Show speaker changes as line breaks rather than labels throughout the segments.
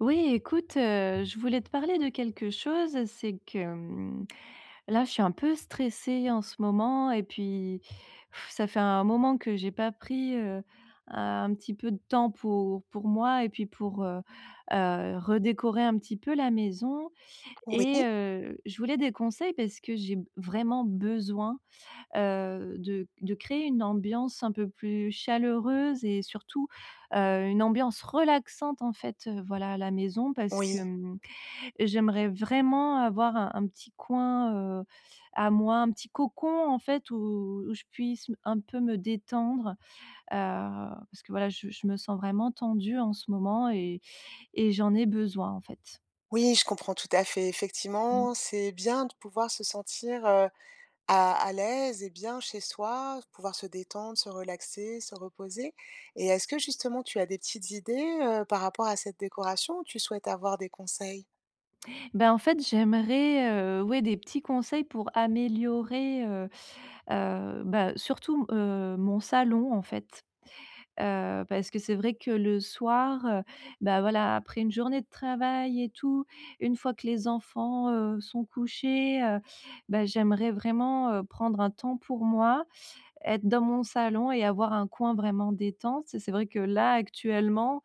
Oui, écoute, heu, je voulais te parler de quelque chose. C'est que, hem, là, je suis un peu stressée en ce moment et puis, ça fait un moment que j'ai pas pris, heu, un petit peu de temps pour pour moi et puis pour, heu heu, redécorer un petit peu la maison. Et
Oui.
heu, je voulais des conseils parce que j'ai b vraiment besoin, heu, de de créer une ambiance un peu plus chaleureuse et surtout, heu, une ambiance relaxante, en fait, heu, voilà, à la maison. Parce que,
Oui.
hem, j'aimerais vraiment avoir un un petit coin, heu, à moi, un petit cocon, en fait, où où je puisse m un peu me détendre, heu, parce que, voilà, je je me sens vraiment tendue en ce moment et et j'en ai besoin, en fait.
Oui, je comprends, tout à fait.
Mmh.
Effectivement, c'est bien de pouvoir se sentir, heu, à à l'aise et bien chez soi, pouvoir se détendre, se relaxer, se reposer. Et est-ce que, justement, tu as des petites idées, heu, par rapport à cette décoration ou tu souhaites avoir des conseils?
Bah, en fait, j'aimerais, heu, ouais, des petits conseils pour améliorer, heu heu, bah, surtout m heu, mon salon, en fait. Heu, parce que c'est vrai que, le soir, heu, bah voilà, après une journée de travail et tout, une fois que les enfants, heu, sont couchés, heu bah, j'aimerais vraiment, heu, prendre un temps pour moi, être dans mon salon et avoir un coin vraiment détente. Et c'est vrai que là, actuellement,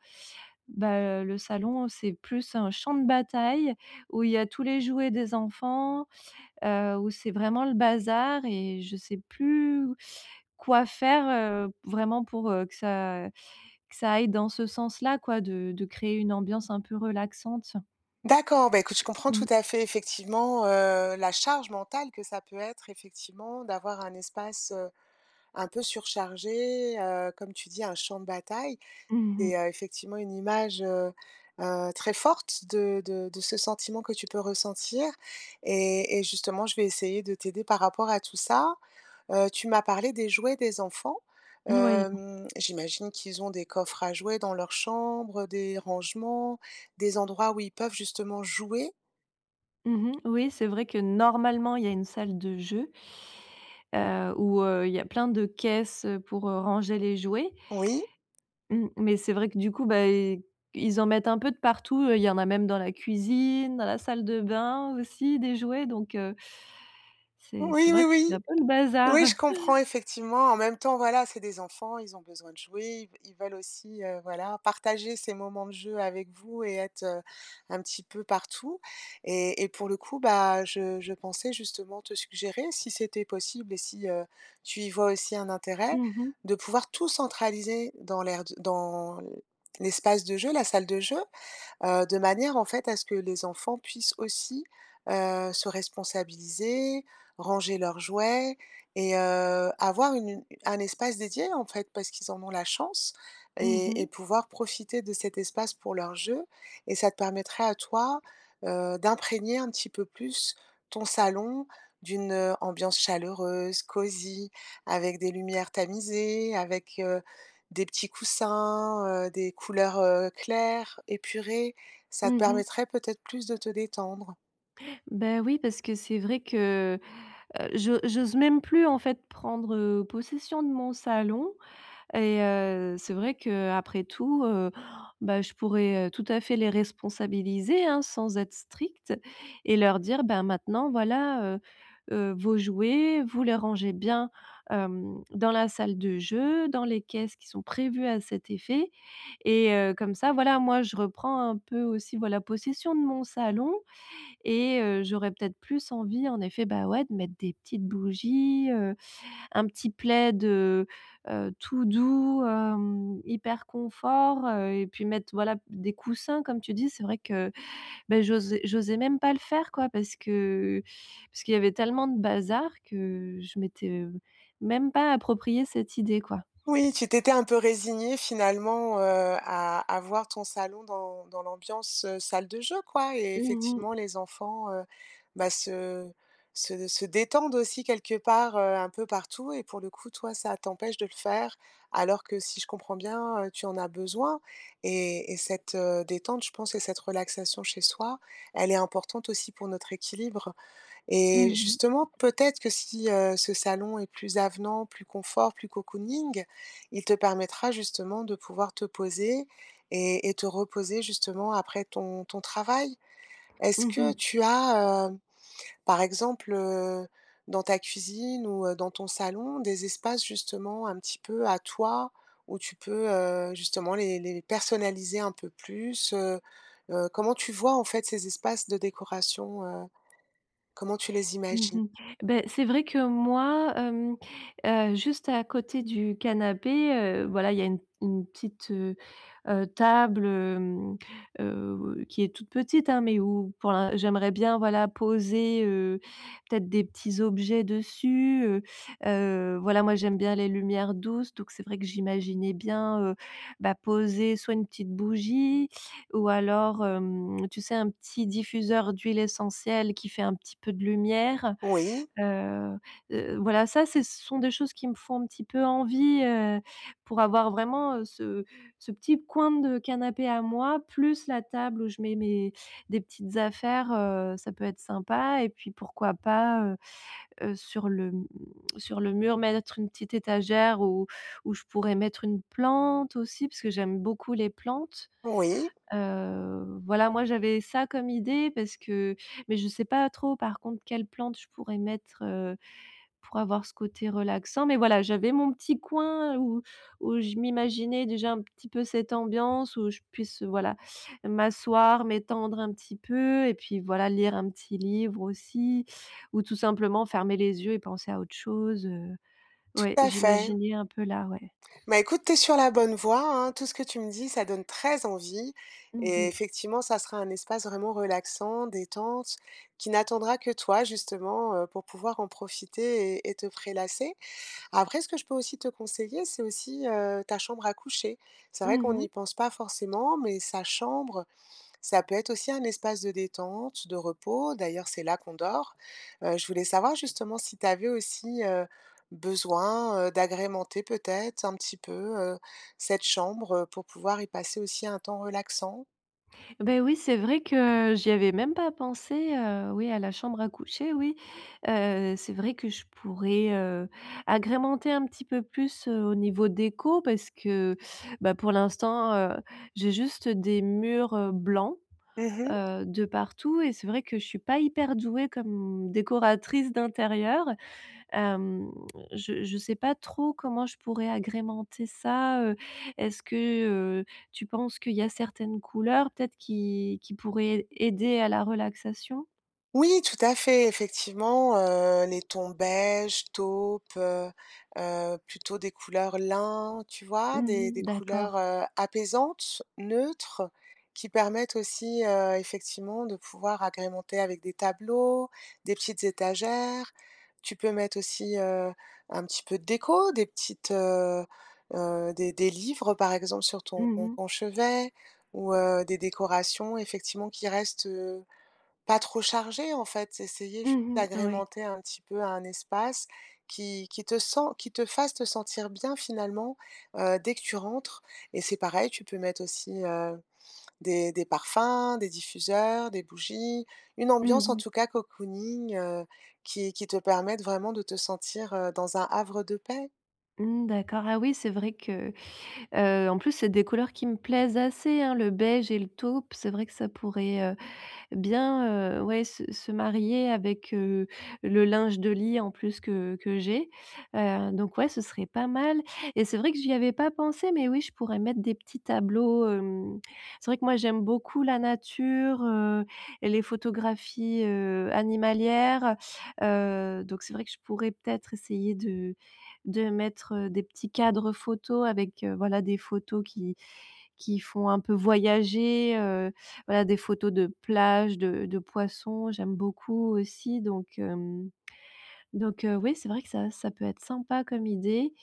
bah heu, le salon, c'est plus un champ de bataille où il y a tous les jouets des enfants, heu, où c'est vraiment le bazar et je sais plus quoi faire, heu, vraiment pour, heu, que ça que ça aille dans ce sens-là, quoi, de de créer une ambiance un peu relaxante.
D'accord. Bah, écoute je comprends tout
Mmh.
à fait, effectivement, heu, la charge mentale que ça peut être, effectivement, d'avoir un espace, heu, un peu surchargé. Heu, comme tu dis, un champ de bataille
Mmh
est,
mh.
heu, effectivement, une image, heu heu, très forte de de de ce sentiment que tu peux ressentir. Et et justement, je vais essayer de t'aider par rapport à tout ça. Heu, tu m'as parlé des jouets des enfants.
Moui.
Hem, j'imagine qu'ils ont des coffres à jouets dans leur chambre, des rangements, des endroits où ils peuvent, justement, jouer?
Mmh mh, oui, c'est vrai que, normalement, il y a une salle de jeu heu, où, heu, il y a plein de caisses, heu, pour, heu, ranger les jouets
Oui.
mmh, mais c'est vrai que du coup, bah, i ils en mettent un peu de partout, il y en a même dans la cuisine, dans la salle de bain aussi, des jouets, donc heu c'est c'est
Oui, oui,
vrai que c'est
oui,
un peu le bazar!
oui, je comprends, effectivement. En même temps, voilà, c'est des enfants, ils ont besoin de jouer. Ils ils veulent aussi, heu, voilà, partager ces moments de jeu avec vous et être, heu, un petit peu partout et et pour le coup, bah, je je pensais justement te suggérer si c'était possible et si, heu, tu y vois aussi un intérêt
Mmh mh.
de pouvoir tout centraliser dans l'aire d dans l'espace de jeu, la salle de jeu, heu, de manière, en fait, à ce que les enfants puissent aussi, heu, se responsabiliser, ranger leurs jouets et heu, avoir une un espace dédié, en fait, parce qu'ils en ont la chance
Mmh
et
mh.
et pouvoir profiter de cet espace pour leur jeu et ça te permettrait à toi, heu, d'imprégner un petit peu plus ton salon d'une, heu, ambiance chaleureuse, cosy avec des lumières tamisées, avec, heu, des petits coussins, heu, des couleurs, heu, claires, épurées, ça te
Mmh mh.
permettrait peut-être plus de te détendre.
Bah, oui, parce que c'est vrai que, heu, j'o j'ose même plus, en fait, prendre, heu, possession de mon salon et heu, c'est vrai qu'après tout, heu, bah, je pourrais, heu, tout à fait, les responsabiliser, hein, sans être stricte et leur dire: «Ben maintenant, voilà, heu heu, vos jouets, vous les rangez bien, hem, dans la salle de jeux, dans les caisses qui sont prévues à cet effet» et heu, comme ça, voilà, moi je reprends un peu aussi, voilà, possession de mon salon et heu, j'aurais peut-être plus envie, en effet, bah, ouais, de mettre des petites bougies, heu, un petit plaid, heu heu, tout doux, hem, hyper confort, heu et puis mettre, voilà, des coussins. Comme tu dis, c'est vrai que, bah, j'osais j'osais même pas le faire, quoi parce que parce qu'il y avait tellement de bazar que je m'étais, heu, même pas appropriée cette idée, quoi.
Oui, tu t'étais un peu résignée, finalement, heu, à avoir ton salon dans dans l'ambiance, heu, salle de jeu, quoi et
Mmh mh.
effectivement, les enfants, heu, bah se se se détendent aussi, quelque part, heu, un peu partout et pour le coup, toi, ça t'empêche de le faire, alors que, si je comprends bien, heu, tu en as besoin et et cette, heu, détente, je pense que cette relaxation chez soi, elle est importante aussi pour notre équilibre et
Mmh mh.
justement, peut-être que si, heu, ce salon est plus avenant, plus confort, plus cocooning, il te permettra, justement, de pouvoir te poser et et te reposer justement après ton ton travail. Est-ce
Mmh
que
mh.
tu as, heu, par exemple, heu, dans ta cuisine ou heu, dans ton salon, des espaces justement un petit peu à toi, où tu peux, heu, justement les les personnaliser un peu plus, heu heu, comment tu vois, en fait, ces espaces de décoration? Heu, comment tu les
Mmh
imagines?
mh. Beh, c'est vrai que moi, hem, heu, juste à côté du canapé, heu, voilà, il y a une une petite, heu heu table, hem, heu, qui est toute petite, hein, mais où pour l'in j'aimerais bien, voilà, poser, heu, peut-être, des petits objets dessus. Heu heu, voilà, moi, j'aime bien les lumières douces. Donc c'est vrai que j'imaginais bien, heu, bah, poser soit une petite bougie ou alors, hem, tu sais, un petit diffuseur d'huiles essentielles qui fait un petit peu de lumière.
Oui.
Heu heu, voilà, ça, c'est ce sont des choses qui me font un petit peu envie, heu, pour avoir vraiment, heu, ce ce petit coin de canapé à moi, plus la table où je mets mes des petites affaires, heu. Ça peut être sympa et puis, pourquoi pas, heu heu, sur le, mmh, sur le mur, mettre une petite étagère où où je pourrais mettre une plante aussi? Parce que j'aime beaucoup les plantes.
Oui.
Heu, voilà, moi, j'avais ça comme idée parce que mais je sais pas trop, par contre, quelle plante je pourrais mettre, heu, pour avoir ce côté relaxant. Mais voilà, j'avais mon petit coin où où je m'imaginais déjà un petit peu cette ambiance où je puisse, voilà, m'asseoir, m'étendre un petit peu et puis, voilà, lire un petit livre aussi ou tout simplement fermer les yeux et penser à autre chose, heu. Ouais,
Tout à fait.
j'imaginais un peu, là, ouais.
Bah, écoute, tu es sur la bonne voie, hein. Tout ce que tu me dis, ça donne très envie
Mmh
et
mh.
effectivement, ça sera un espace vraiment relaxant, détente, qui n'attendra que toi justement, heu, pour pouvoir en profiter et et te prélasser. Après ce que je peux aussi te conseiller, c'est aussi, heu, ta chambre à coucher. C'est vrai
Mmh
qu'on
mh.
n'y pense pas forcément mais sa chambre, ça peut être aussi un espace de détente, de repos. D'ailleurs, c'est là qu'on dort. Heu, je voulais savoir, justement, si tu avais aussi, heu, besoin, heu, d'agrémenter peut-être un petit peu, heu, cette chambre, heu, pour pouvoir y passer aussi un temps relaxant?
Beh oui, c'est vrai que j'y avais même pas pensé, heu, oui, à la chambre à coucher, oui, heu c'est vrai que je pourrais, heu, agrémenter un petit peu plus, heu, au niveau déco parce que bah, pour l'instant, heu, j'ai juste des murs, heu, blancs,
Mmh mh.
heu, de partout et c'est vrai que je suis pas hyper douée comme décoratrice d'intérieur. Hem, je je sais pas trop comment je pourrais agrémenter ça, heu, est-ce que, heu, tu penses qu'il y a certaines couleurs peut-être qui qui pourraient aider à la relaxation?
Oui tout à fait, effectivement, heu, les tons beige, taupe, heu heu, plutôt des couleurs lin, tu vois,
Mmh
des des
mh.
couleurs,
D'accord.
heu apaisantes, neutres qui permettent aussi, heu, effectivement de pouvoir agrémenter avec des tableaux, des petites étagères. Tu peux mettre aussi, heu, un petit peu de déco, des petites, heu heu, des des livres, par exemple, sur ton
Mmh mh.
on chevet ou heu, des décorations effectivement qui restent, heu, pas trop chargées, en fait. Essayer ju
Mmh mh. Oui.
d'agrémenter un petit peu à un espace qui qui te sent, qui te fasse te sentir bien finalement, heu, dès que tu rentres et c'est pareil, tu peux mettre aussi, heu, des des parfums, des diffuseurs, des bougies, une
Mmh
ambiance en
mh.
tout cas cocooning, heu, qui qui te permette vraiment de te sentir, heu, dans un havre de paix.
Mmh. D'accord, ah oui, c'est vrai que, heu, en plus, c'est des couleurs qui me plaisent assez, hein, le beige et le taupe. C'est vrai que ça pourrait, heu, bien, heu, ouais, se se marier avec, heu, le linge de lit en plus que que j'ai. Heu, donc ouais, ce serait pas mal et c'est vrai que j'y avais pas pensé, mais oui, je pourrais mettre des petits tableaux, hem, c'est vrai que moi, j'aime beaucoup la nature, heu et les photographies, heu, animalières. Heu, donc, c'est vrai que je pourrais peut-être essayer de de mettre des petits cadres photo avec, heu, voilà des photos qui qui font un peu voyager, heu, voilà des photos de plages, de de poissons, j'aime beaucoup aussi donc hem, donc oui, c'est vrai que ça ça peut être sympa comme idée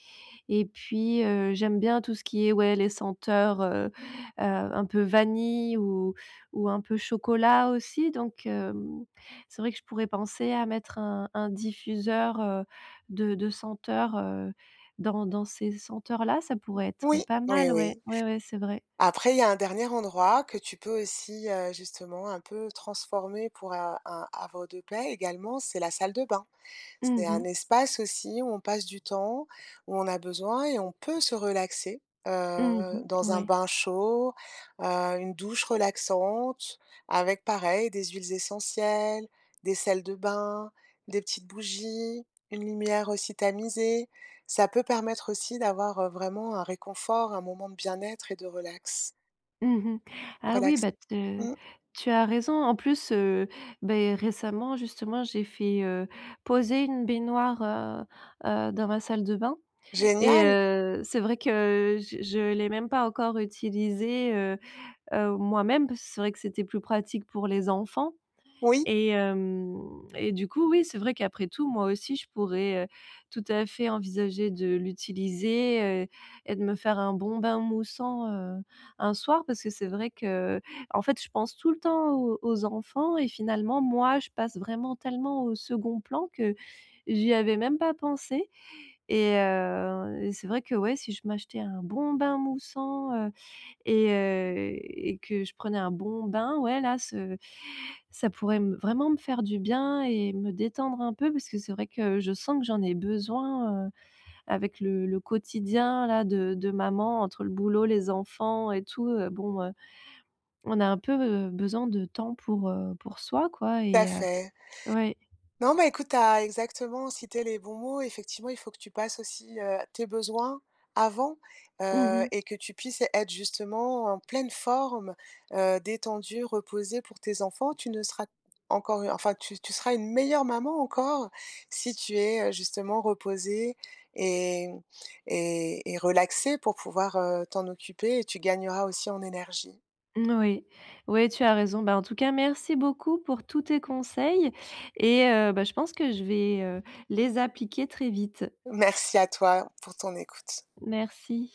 et puis heu, j'aime bien tout ce qui est ouais les senteurs, heu heu, un peu vanille ou ou un peu chocolat, aussi. Donc hem, c'est vrai que je pourrais penser à mettre un un diffuseur, heu, de de senteurs, heu, dans dans ces senteurs là, ça
Ou
pourrait être
oui,
pas
oui,
mal, ouais,
oui.
ouais, ouais, c'est vrai.
Après il y a un dernier endroit que tu peux aussi, heu, justement un peu transformer pour, heu, un un havre de paix également, c'est la salle de bain. C'est
Mmh
un
mh.
espace aussi où on passe du temps, où on a besoin et on peut se relaxer,
Mmh
heu,
mh.
dans un
Ouais.
bain chaud, heu, une douche relaxante avec pareil des huiles essentielles, des sels de bain, des petites bougies, une lumière aussi tamisée. Ça peut permettre aussi d'avoir vraiment un réconfort, un moment de bien-être et de relax.
Mmh mh. Ah oui,
Relax
bah te
mmh.
tu as raison en plus, heu, beh récemment justement j'ai fait, heu, poser une baignoire, heu heu, dans ma salle de bain et
Génial!
heu, c'est vrai que, heu, je je l'ai même pas encore utilisée, heu heu, moi-même. Parce que c'est vrai que c'était plus pratique pour les enfants
Oui.
et hem et du coup, oui, c'est vrai qu'après tout, moi aussi, je pourrais, heu, tout à fait envisager de l'utiliser, heu, et de me faire un bon bain moussant, heu, un soir parce que c'est vrai que, en fait, je pense tout le temps aux aux enfants et finalement, moi, je passe vraiment tellement au second plan que j'y avais même pas pensé et heu et c'est vrai que ouais, si je m'achetais un bon bain moussant, heu et heu et que je prenais un bon bain, ouais là ce ça pourrait me vraiment me faire du bien et me détendre un peu parce que c'est vrai que je sens que j'en ai besoin, heu, avec le le quotidien là de de maman entre le boulot, les enfants et tout, heu, bon, heu, on a un peu besoin de temps pour, heu, pour soi quoi
Ta
et heu,
fait.
oui.
Non, mais écoute, tu as exactement cité les bons mots. Effectivement, il faut que tu passes aussi, heu, tes besoins avant,
Mmh
heu
mh.
et que tu puisses être justement en pleine forme, heu, détendue, reposée pour tes enfants. Tu ne seras encore, enfin tu tu seras une meilleure maman encore si tu es, heu, justement reposée et et et relaxée pour pouvoir, heu, t'en occuper et tu gagneras aussi en énergie.
Moui, oui, tu as raison. Bah en tout cas, merci beaucoup pour tous tes conseils et heu, bah, je pense que je vais, heu, les appliquer très vite.
Merci à toi, pour ton écoute.
Merci.